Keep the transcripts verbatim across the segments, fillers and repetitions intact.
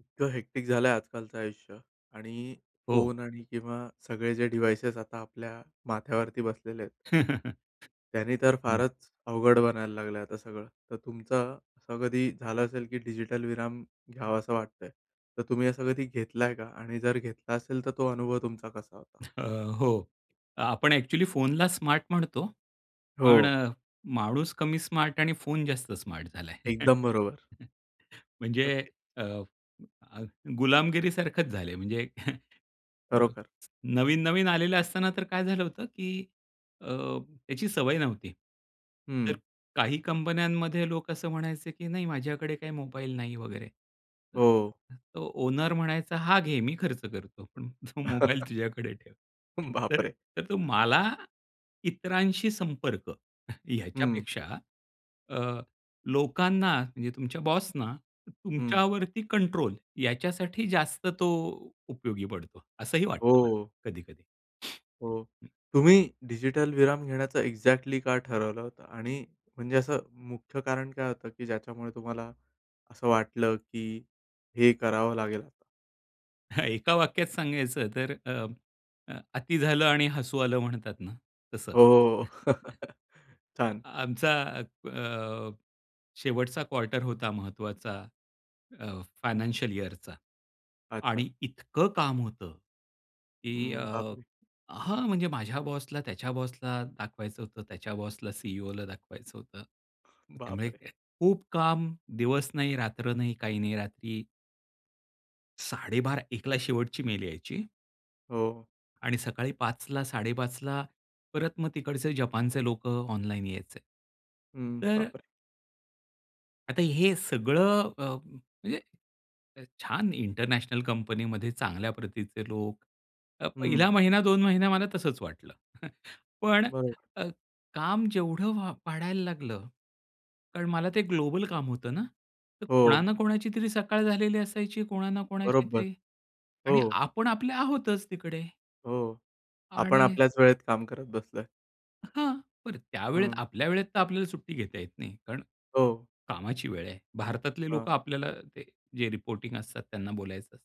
इतकं हेक्टिक झालं आहे आजकालचं आयुष्य आणि हो. फोन आणि किंवा सगळे जे डिव्हाइसेस आता आपल्या माथ्यावरती बसलेले आहेत. त्यांनी तर हं. फारच अवघड बनायला लागलं आहे आता सगळं. तर तुमचा असं कधी झालं असेल की डिजिटल विराम घ्यावासा वाटतं आहे. तर तुम्ही असा कधी घेतला आहे का? आणि जर घेतला असेल, तर तो अनुभव तुमचा कसा होता? अ, हो. आपण एक्चुअली फोनला स्मार्ट म्हणतो, पण हो. माणूस कमी स्मार्ट आणि फोन जास्त स्मार्ट झाला आहे. एकदम बरोबर. म्हणजे ओके. अ, अ, गुलामगिरी सारखंच झाले आहे. म्हणजे खरोखरं. नवीन-नवीन आलेलं असताना, तर काय झालं होतं की अ, याची सवय नव्हती. तर हं. काही कंपन्यांमध्ये लोक असं म्हणायचे, "की नाही माझ्याकडे काही मोबाईल नाही" वगैरे. हो. तो ओनर म्हणायचा, "हा घे, मी खर्च करतो, पण तो मोबाईल तुझ्याकडे ठेव". तर बापरे! तर तो मला इतरांशी संपर्क हम्म. याच्यापेक्षा अ, लोकांना म्हणजे तुमच्या बॉसना हं. तुमच्यावरती कंट्रोल याच्यासाठी जास्त तो उपयोगी पडतो, असंही वाटतं मला हो. कधी-कधी. हो. तुम्ही डिजिटल विराम घेण्याचं एक्झॅक्टली का ठरवलं होतं? आणि म्हणजे असं मुख्य कारण काय होतं? की ज्याच्यामुळे तुम्हाला असं वाटलं की हे करावं लागेल आता. एका वाक्यात सांगायचं तर अ, अ, "अति झालं आणि हसू आलं" म्हणतात ना? तसं. हो. छान. आमचा अ, शेवटचा क्वार्टर होता महत्वाचा अ, हं. फायनान्शिअल इयरचा अच्छा. आणि इतकं काम होतं. की अ हं, बापरे! हां, म्हणजे माझ्या बॉसला त्याच्या बॉसला दाखवायचं होतं, त्याच्या बॉसला CEO ला दाखवायचं होतं. त्यामुळे बापरे! खूप काम, दिवस नाही, रात्र नाही. काही नाही रात्री साडे बारा एकला शेवटची मेल यायची हो. आणि सकाळी पाचला साडेपाचला परत मग तिकडचे जपानचे लोक ऑनलाईन यायचे. हं, तर बापरे! आता हे सगळं अ, म्हणजे छान इंटरनॅशनल कंपनीमध्ये चांगल्या प्रतीचे लोक. तर पहिला हं. महिना, दोन महिना मला तसंच वाटलं पण बरोबर. अ, काम जेवढं व वाढायला लागलं, कारण मला ते ग्लोबल काम होतं ना, तर कोणा हो. ना कोणाची तरी सकाळ झालेली असायची, कोणा ना कोणाची बरोबर, तरी आणि हो. आपण आपले आहोतच तिकडे. हो. आपण आणि आपल्याच वेळेत काम करत बसलोय. हां. बरं त्यावेळेत हं. आपल्या वेळेत तर आपल्याला सुट्टी घेता येत नाही. कारण हो. कामाची वेळ आहे. भारतातले लोक हां. आपल्याला जे रिपोर्टींग असतात, त्यांना बोलायचं असतं.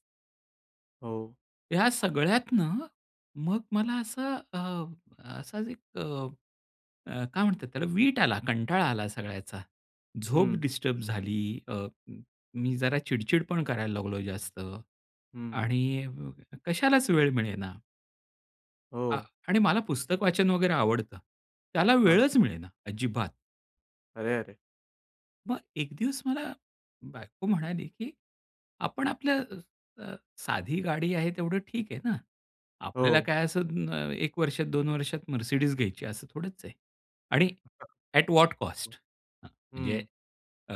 हो. या सगळ्यातनं मग मला असं, अ, असाच एक अ, काय म्हणतात त्याला, विट आला, कंटाळा आला सगळ्याचा. झोप हं. डिस्टर्ब झाली. अ, मी जरा चिडचिड पण करायला लागलो जास्त हं. आणि कशालाच वेळ मिळेना. आ, हो. आणि मला पुस्तक वाचन वगैरे आवडतं. त्याला हां. वेळच मिळेना अजिबात. अरे, अरे. मग एक दिवस मला बायको म्हणाली की "आपण आपलं अ, साधी गाडी आहे तेवढं ठीक आहे ना? आपल्याला हो. काय असं अ, एक वर्षात, दोन वर्षात Mercedes घ्यायची आहे असं थोडंच आहे. आणि एट वॉट कॉस्ट? [unintelligible] म्हणजे हं. अ,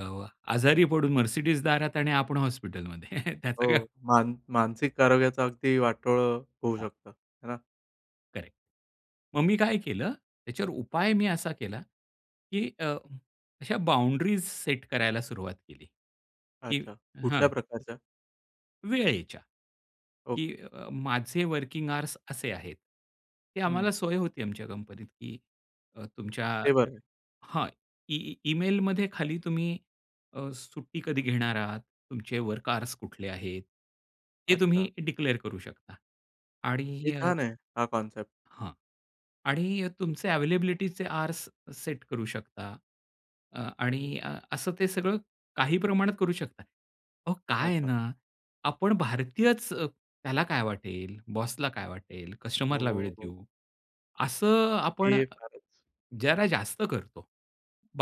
आजारी पडून Mercedes दारात आणि आपण हॉस्पिटलमध्ये, त्याचा हो. काय?" मान मानसिक आरोग्याचं अगदी वाटोळं होऊ हां. शकतं, आहे ना? करेक्ट. मग मी काय केलं, याच्यावर उपाय मी असा केला की अ, अशा बाऊंड्रीस सेट करायला सुरुवात केली. की अच्छा हां. कुठल्या प्रकारचा? वेळेच्या. की ओके. अ, माझे वर्किंग अवर्स असे आहेत. ती आम्हाला हं. सोय होती आमच्या कंपनीत की तुमच्या हे बरंय. हां. ई ईमेलमध्ये खाली तुम्ही अ, सुट्टी कधी घेणार आहात? तुमचे वर्क अवर्स कुठले आहेत? हे अच्छा. तुम्ही डिक्लीअर करू शकता. हे आणि अ, छान आहे. हा कन्सेप्ट. हां. आणि तुमचे अवेलेबिलिटीचे अवर्स सेट करू शकता, अ, आणि असं ते सगळं काही प्रमाणात करू शकता. अहो, काय आहे अच्छा. ना आपण भारतीयच "त्याला काय वाटेल? बॉसला काय वाटेल? कस्टमरला वेळ हो. हो. देऊ" असं अ, आपण हे फारच. जरा जास्त करतो.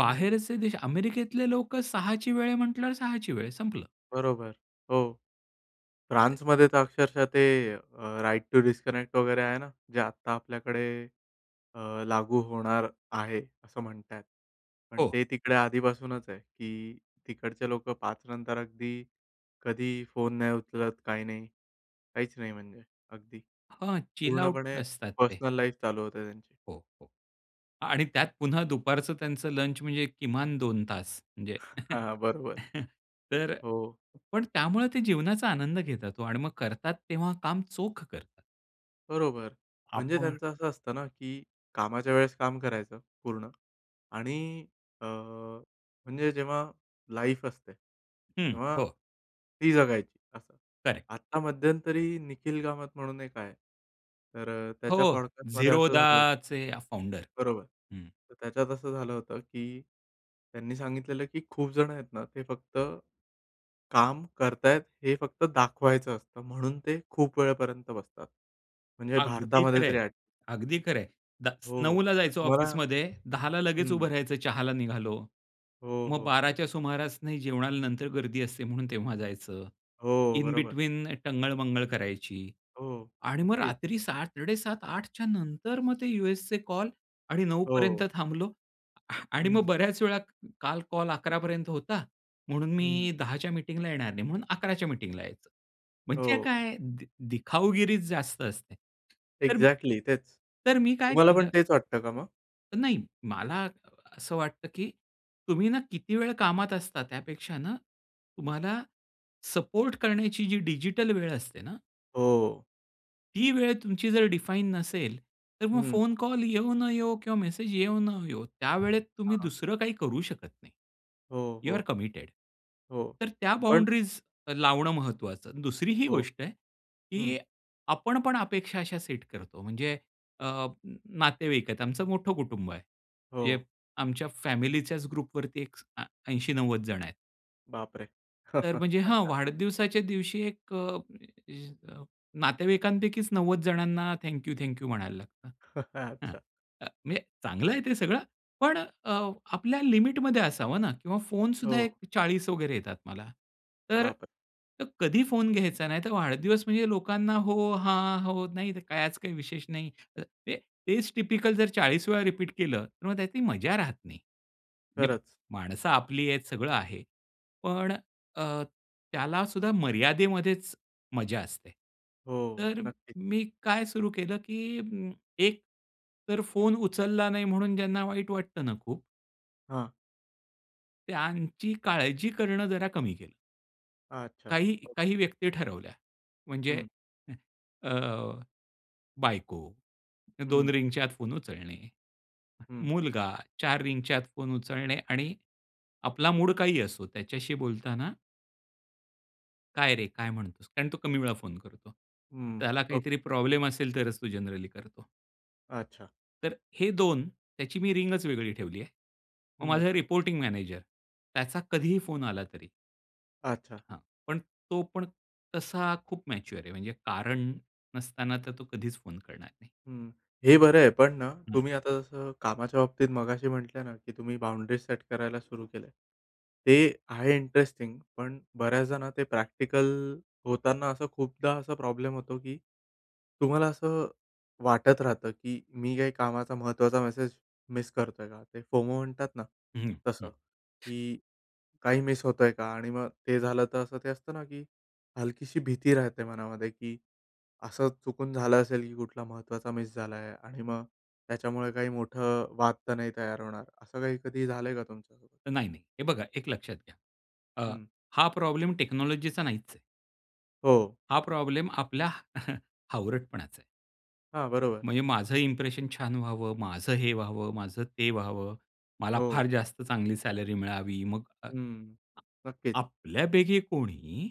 हं. देश अमेरिकेतले लोक सहाची वेळ आहे म्हंटल्यावर सहाची वेळ संपलं. बरोबर. हो. तिथे. फ्रान्समध्ये तर अक्षरशः ते अ, राइट टू डिस्कनेक्ट वगैरे आहे ना. जे आत्ता आपल्याकडे अ, लागू होणार आहे असं म्हणतायेत. पण हो. ते तिकडे आधीपासूनच आहे की तिकडचे लोकं पाच नंतर अगदी कधी फोन नाही उचलत, काही नाही. काहीच नाही, म्हणजे अगदी हां. चिल आऊट पूर्णपणे असतात ते. पर्सनल लाईफ चालू होते त्यांची. हो. आणि त्यात पुन्हा दुपारचं त्यांचं लंच म्हणजे किमान दोन तास म्हणजे हां. बरोबर. तर हो. पण त्यामुळे ते जीवनाचा आनंद घेतात हो आणि मग करतात तेव्हा काम चोख करतात. बरोबर. म्हणजे आपण. त्यांचं असं असतं ना, की कामाच्या वेळेस काम करायचं पूर्ण आणि अ, म्हणजे जेव्हा लाईफ असते, हं, तेव्हा हो. ती जगायची, असं. करेक्ट. आता मध्यंतरी निखिल कामत म्हणून एक आहे. तर हो, त्याच्या पॉडकास्टमध्ये असं झालं होतं Zerodhaचे फाउंडर. बरोबर. हं. तर त्याच्यात असं झालं होतं की त्यांनी सांगितलेलं, की खूप जण आहेत ना, ते फक्त काम करतायेत, हे फक्त दाखवायचं असतं म्हणून ते खूप वेळेपर्यंत बसतात. म्हणजे अगदी भारतामध्ये खरं आहे. तरी ॲट अगदी खरं आहे. दस हो, हो, नऊला तर जायचो तुम्हाला ऑफिसमध्ये, दहाला लगेच उभं हं. राहायचं, चहाला निघालो. हो, मग हो. बाराच्या सुमारास नाही, जेवणाला नंतर गर्दी असते ,म्हणून तेव्हा जायचं. हो, इन बरोबर. बेटवीन टंगळ-मंगळ करायची हो, आणि मग नक्कीच. रात्री सात-साडे सात आठच्या नंतर मग ते USचे कॉल, आणि नऊपर्यंत हो. थांबलो. आणि मग हं. बऱ्याच वेळा काल कॉल अकरापर्यंत होता, म्हणून हं. मी दहाच्या मीटिंगला येणार नाही, म्हणून अकराच्या मीटिंगला यायचो. म्हणजे हो. काय, दिखाऊगिरीच जास्त असते. तर, एक्झॅक्टली तेच, तर मी काय तुम्हाला पण केलं. तेच वाटतं का मग? नाही मला अ, असं वाटतं की तुम्ही ना किती वेळ कामात असता त्यापेक्षा ना, तुम्हाला सपोर्ट करण्याची जी डिजिटल वेळ असते ना हो. ती वेळ तुमची जर डिफाइन नसेल. तर मग हं. फोन कॉल येऊ न येवो किंवा मेसेज येऊ न येवो, त्यावेळेत तुम्ही हां. दुसरं काही करू शकत नाही. हो, यू आर हो. कमिटेड. हो. तर त्या पण बाउंडरीज लावणं महत्वाचं. दुसरी ही हो. गोष्ट आहे हं. की आपण पण अपेक्षा अशा सेट करतो म्हणजे अ, नातेवाईक आहेत. आमचं मोठं कुटुंब आहे म्हणजे हो. आमच्या फॅमिलीच्याच ग्रुपवरती एक अ, ऐंशी नव्वद जण आहेत. बापरे! तर, म्हणजे हां अच्छा. वाढदिवसाच्या दिवशी एक अ, [unintelligible] नातेवाईकांपैकीच नव्वद जणांना थँक यू, थँक यू म्हणायला लागतं. हां, अच्छा. अ, म्हणजे चांगलं आहे ते सगळं. पण अ, आपल्या लिमिटमध्ये असावं ना किंवा फोनसुद्धा एक हो. चाळीस वगैरे येतात मला. तर बापरे! कधी फोन घ्यायचा नाही, तर वाढदिवस म्हणजे लोकांना हो, हां. हो, नाही तर कायच काही विशेष नाही. तर ते तेच टिपिकल जर चाळीस वेळा रिपीट केलं, तर मग त्यातली मजा राहत नाही. म्हणजे खरंच. माणसं आपली आहेत सगळं आहे. पण अ, त्याला सुद्धा मर्यादेमध्येच मजा असते. हो. तर नक्की. मी काय सुरू केलं की अं, एक तर फोन उचलला नाही, म्हणून ज्यांना वाईट वाटतं ना खूप हां. त्यांची काळजी करणं, जरा कमी केलं. अच्छा, काही काही ओके. व्यक्ती ठरवल्या, म्हणजे हं. [unintelligible] अ, बायको, दोन हं. रिंगच्या आत फोन उचलणे. हं. मुलगा, चार रिंगच्या आत फोन उचलणे आणि आपला मूड काही असो, त्याच्याशी बोलताना काय रे? काय म्हणतोस? कारण तो कमी वेळा फोन करतो. हम्म, त्याला काहीतरी ओके. प्रॉब्लेम असेल, तरच तो जनरली करतो. अच्छा. तर हे दोन त्याची मी रिंग वेगळी ठेवली आहे. मग हम्म. माझा रिपोर्टिंग मॅनेजर, त्याचा कधी ही फोन आला, तरी अच्छा. हां, पण तो पण तसा खूप मॅच्युअर आहे, म्हणजे कारण नसताना, तर तो कधीच फोन करणार नाही. हं. हे बरं आहे. पण ना, हम्म. तुम्ही आता जसं कामाच्या बाबतीत मगाशी म्हटलं ना की तुम्ही बाउंडरी सेट करायला सुरू केलं आहे. ते आहे इंटरेस्टिंग, पण बऱ्याचदा ना, ते प्रॅक्टिकल होताना असं खूपदा असा प्रॉब्लेम होतो की तुम्हाला असं वाटत राहतं की मी काही कामाचा महत्त्वाचा मेसेज मिस करतो आहे का? ते फोमो म्हणतात ना, हं, हं. तसं की काही मिस होतो आहे का? आणि मग ते झालं, तर असं ते असतं ना की हलकीशी भीती राहते मनामध्ये की असं चुकून झालं असेल की कुठला महत्त्वाचा मिस झाला आहे आणि मग त्याच्यामुळे काही मोठं वाद तर नाही तयार होणार. असं काही कधी ही झालंय का तुमच्यासोबत? नाही, नाही. हे बघा, एक लक्षात घ्या. अ, हं. हां, प्रॉब्लेम टेक्नॉलॉजीचा नाहीच आहे. हो. हा प्रॉब्लेम आपला हावरटपणाचा आहे. हां, बरोबर. म्हणजे माझं इम्प्रेशन छान व्हावं, माझं हे व्हावं, माझं ते व्हावं, मला हो. फार जास्त चांगली सॅलरी मिळावी मग अ, हं, नक्कीच. आपल्यापैकी कोणी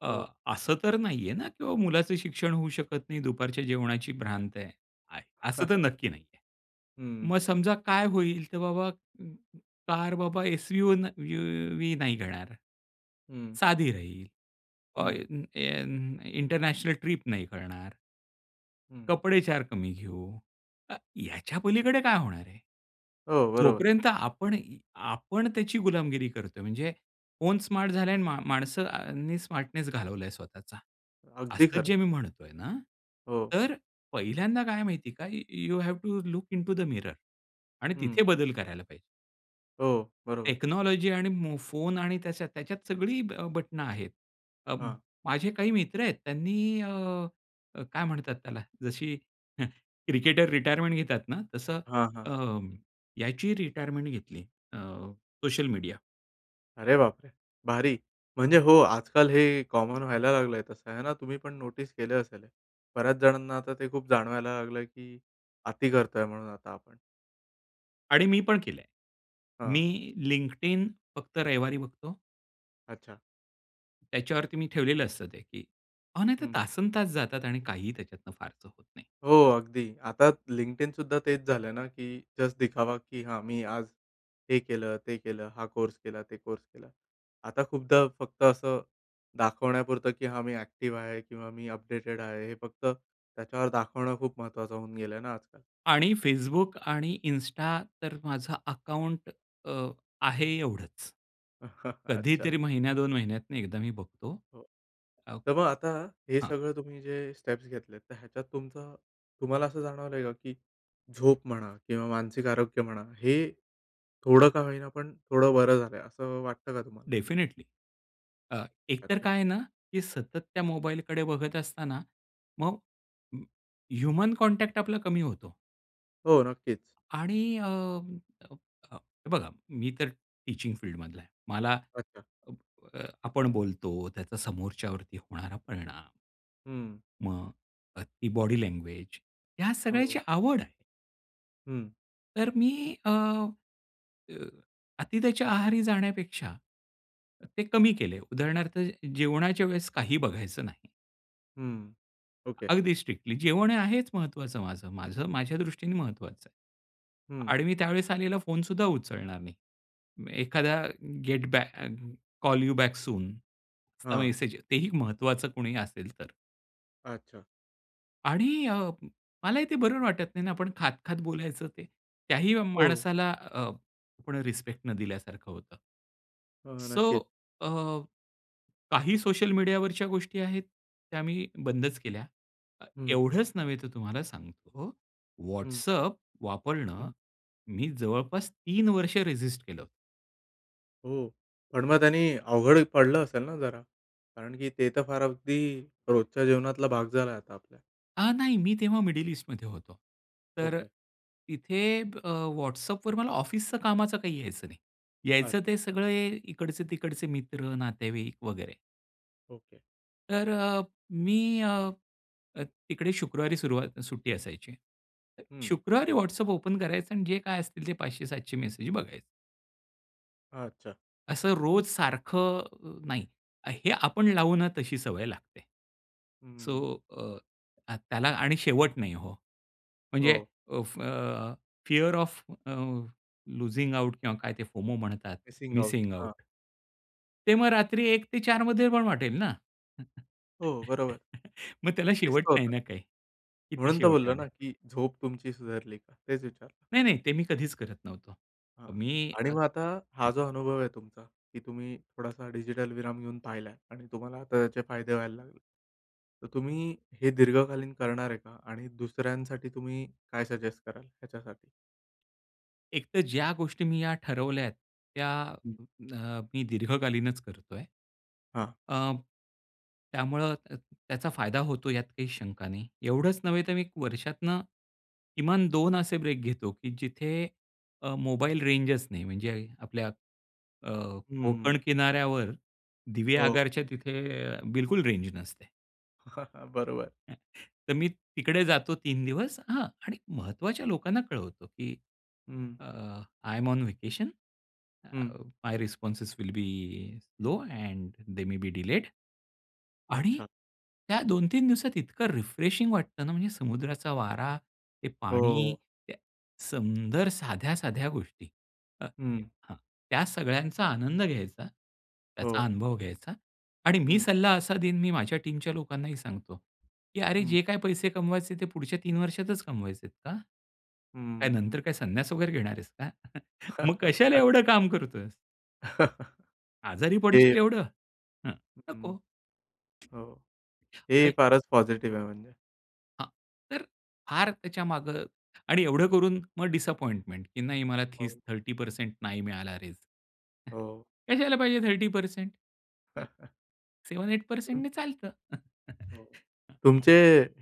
अ, हो. असं तर नाही आहे ना की बाबा मुलाचं शिक्षण होऊ शकत नाही, दुपारच्या जेवणाची भ्रांत आहे. आय असं तर नक्की नाही आहे. हं. मग समजा काय होईल? तर बाबा म कार बाबा एस-यु-वी व्ही नाही घेणार, हं. साधी राहील. अ, हं. एन एन इंटरनॅशनल ट्रिप नाही करणार. हं. कपडे चार कमी घेऊ. अ, याच्या पलीकडे काय होणार आहे? हो, बरोबर. जोपर्यंत आपण ई आपण त्याची गुलामगिरी करतोय. म्हणजे फोन स्मार्ट झालं आहे आणि म माणसांनी स्मार्टनेस घालवला आहे स्वतःचा. अगदी असं खरं. जे मी म्हणतो आहे ना, हो. तर पहिल्यांदा काय माहिती आहे का? य you have to look into the mirror आणि हं. तिथे बदल करायला पाहिजे. हो, बरोबर. टेक्नॉलॉजी आणि मो फोन आणि त्याच्या त्याच्यात सगळी अ, बटणं आहेत. अं, हां. माझे काही मित्र आहेत त्यांनी अ, अ, काय म्हणतात त्याला? जशी क्रिकेटर रिटायरमेंट घेतात ना, तसं हां, हां. अ, याची रिटायरमेंट घेतली. अ, सोशल मीडिया. अरे बापरे! भारी, म्हणजे हो आजकाल हे कॉमन व्हायला लागलंय तसं, आहे ना तुम्हीपण नोटीस केले असेल? बऱ्याच जणांना आता ते खूप जाणवायला लागलंय की अति करतोय म्हणून आता आपण. आणि मी पण केलंय. मी हां. LinkedIn फक्त रविवारी बघतो. अच्छा. त्याच्यावरती मी ठेवलेलं असतं ते की अहो, नाहीतर हं. तासनतास जातात आणि काहीही त्याच्यातून सार्थ होत नाही. हो. अगदी. आता LinkedIn सुद्धा तेच झालं ना की जस्ट दिखावा की "हा, मी आज हे केलं, ते केलं, हा कोर्स केला, ते कोर्स केला." आता खूपदा फक्त असं दाखवण्यापुरतं की, "हा, मी ॲक्टिव्ह आहे किंवा मी अपडेटेड आहे." हे फक्त त्याच्यावर दाखवणं खूप महत्त्वाचं होऊन गेलं ना आजकाल. आणि Facebook आणि Insta तर माझं अकाउंट अ, आहे एवढंच. अच्छा. कधीतरी महिन्या दोन महिन्यातून एकदा मी बघतो. हो, अ तर मग आता हे हां. सगळं तुम्ही जे स्टेप्स घेतलेत, तर ह्याच्यात तुमचं तुम्हाला असं जाणवलं आहे का? की झोप म्हणा किंवा मानसिक आरोग्य म्हणा, हे थोडं का होईना पण थोडं बरं झालंय, असं वाटतं का तुम्हाला? डेफिनेटली अ, एकतर अच्छा. काय आहे ना की सतत त्या मोबाईलकडे बघत असता ना, मग अ, ह्यूमन कॉन्टॅक्ट आपला कमी होतो. हो, नक्कीच. आणि अ, अ, अ, हे बघा, मी तर टीचिंग फील्डमधला आहे. मला अच्छा. अ, आपण बोलतो त्याचा समोरच्यावरती होणारा परिणाम, हं. मग अ, ती बॉडी लँग्वेज, ह्या सगळ्याची हो. आवड आहे. हं. तर मी अ अ अति त्याच्या आहारी जाण्यापेक्षा, ते कमी केले. उदाहरणार्थ जेवणाच्या वेळेस काही बघायचं नाही. हं. ओके. अगदी स्ट्रिक्टली जेवण हे आहेच महत्वाचं माझं, माझं माझ्या दृष्टीने महत्त्वाचं आहे. हं. आणि मी त्यावेळेस आलेला फोनसुद्धा उचलणार नाही. एखादा गेट बॅक अ, कॉल यू बॅक सूनचा हां. मेसेज ते ही महत्त्वाचं कुणी असेल तर. अच्छा. आणि अ, मला ही ते बरोबर वाटत नाही ना, आपण खात-खात बोलायचं ते, त्या ही हो. माणसाला अ, आपण रिस्पेक्ट न दिल्यासारखं होतं. हो. सो नक्कीच. अ, काही सोशल मीडियावरच्या गोष्टी आहेत, त्या मी बंदच केल्या. अ, हं. एवढंच नव्हे तर तुम्हाला सांगतो, हं. WhatsApp वापरणं हं. मी जवळपास तीन वर्ष रेजिस्ट केलं होतं. हो, पण मग त्यांनी अवघड पडलं असेल ना जरा, कारण की ते तर फार अगदी रोजच्या जेवणातला भाग झालाय आता आपल्या. अ, नाही, मी तेव्हा मिडल ईस्टमध्ये होतो. तर ओके. तिथे अ, WhatsAppवर मला ऑफिसचं कामाचं काही यायचं नाही, यायचं ते अच्छा. सगळे इकडचे-तिकडचे मित्र, नातेवाईक वगैरे. ओके. तर अ, मी अ, तिकडे शुक्रवारी सुरुवात सुट्टी असायची. हम्म. शुक्रवारी WhatsApp ओपन करायचं आणि जे काय असतील ते पाचशे सातशे मेसेज बघायचं. अच्छा. असं रोज सारखं नाही, हे आपण लावू ना, तशी सवय लागते. सो हम्म. अ, अ, त्याला आणि शेवट नाही हो, म्हणजे हो. अ, फ fear of uh, losing out किंवा काय ते "फोमो" म्हणतात, मिसिंग आऊट, मिसिंग हां. आऊट. ते मग रात्री एक ते चारमध्ये पण वाटेल ना? हो, बरोबर. मग त्याला शेवट दिसलं होतं नाही का? ना काही, किती म्हणून तर शेवट बोललो ना, आणेल. की झोप तुमची सुधारली का? तेच विचारलं. नाही, नाही, ते मी कधीच करत नव्हतो हां, मी. आणि अ, मग आता, हा जो अनुभव आहे तुमचा, की तुम्ही थोडासा डिजिटल विराम घेऊन पाहिलाय आणि तुम्हाला आता त्याचे फायदे व्हायला लागले. तर तुम्ही हे दीर्घकालीन करणार आहे का? आणि दुसऱ्यांसाठी तुम्ही काय सजेस्ट कराल ह्याच्यासाठी? एक तर ज्या गोष्टी मी या ठरवल्या आहेत, त्या हं. अ, मी दीर्घकालीनच करतोय. हां. अ, त्यामुळं त त्याचा फायदा होतो, यात काही शंका नाही. एवढंच नव्हे तर मी वर्षातनं किमान दोन असे ब्रेक घेतो की जिथे अ, मोबाईल रेंजच नाही. म्हणजे अ आपल्या अ, हम्म. कोकण किनाऱ्यावर हो. दिवेआगारच्या तिथे बिलकुल रेंज नसते. बरोबर. तर मी तिकडे जातो तीन दिवस हां, आणि महत्त्वाच्या लोकांना कळवतो की हं. अ, "I am on vacation. Hmm. My responses will be slow and they may be delayed." आणि अच्छा. त्या दोन तीन दिवसात इतकं रिफ्रेशिंग वाटतं ना, म्हणजे समुद्राचा वारा, ते हो, पाणी, हो. त्या सुंदर साध्या-साध्या गोष्टी. अ, हं. हां, त्या सगळ्यांचा आनंद घ्यायचा, त्याचा हो. अनुभव घ्यायचा आणि मी हं. सल्ला असा देईन, मी माझ्या टीमच्या लोकांनाही सांगतो की, "अरे हं. जे काही पैसे कमवायचे ते पुढच्या तीन वर्षातच कमवायचेत, का? काय हम्म. नंतर काय संन्यास वगैरे घेणार आहेस का? मग कशाला अच्छा. एवढं काम करतोयस?" आजारी ते पडशील एवढं. हं, हं, नको. हो, हे आणि फारच पॉझिटिव्ह आहे म्हणजे. हां, तर फार त्याच्यामागं आणि एवढं करून मग डिसअपॉईंटमेंट की नाही मला हो. तीस थर्टी परसेन्ट नाही मिळाला रेझ. हो. कशाला पाहिजे थर्टी परसेन्ट? सेवन एट परसेन्टनी चालतं. हो, तुमचे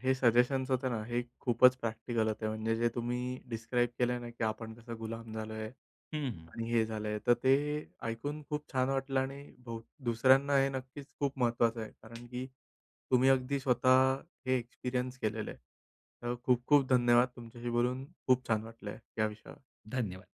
हे सजेशन्स होते ना, हे खूपच प्रॅक्टिकल होते. म्हणजे जे तुम्ही डिस्क्राईब केलंय ना की, "आपण कसं गुलाम झालोय? हं, हं. आणि हे झालंय," तर ते ऐकून खूप छान वाटलं आणि हो दुसऱ्यांना हे नक्कीच खूप महत्त्वाचं आहे. कारण की तुम्ही अगदी स्वतः हे एक्सपिरियन्स केलेलं आहे. तर खूप-खूप धन्यवाद! तुमच्याशी बोलून खूप छान वाटलं आहे या विषयावर. धन्यवाद!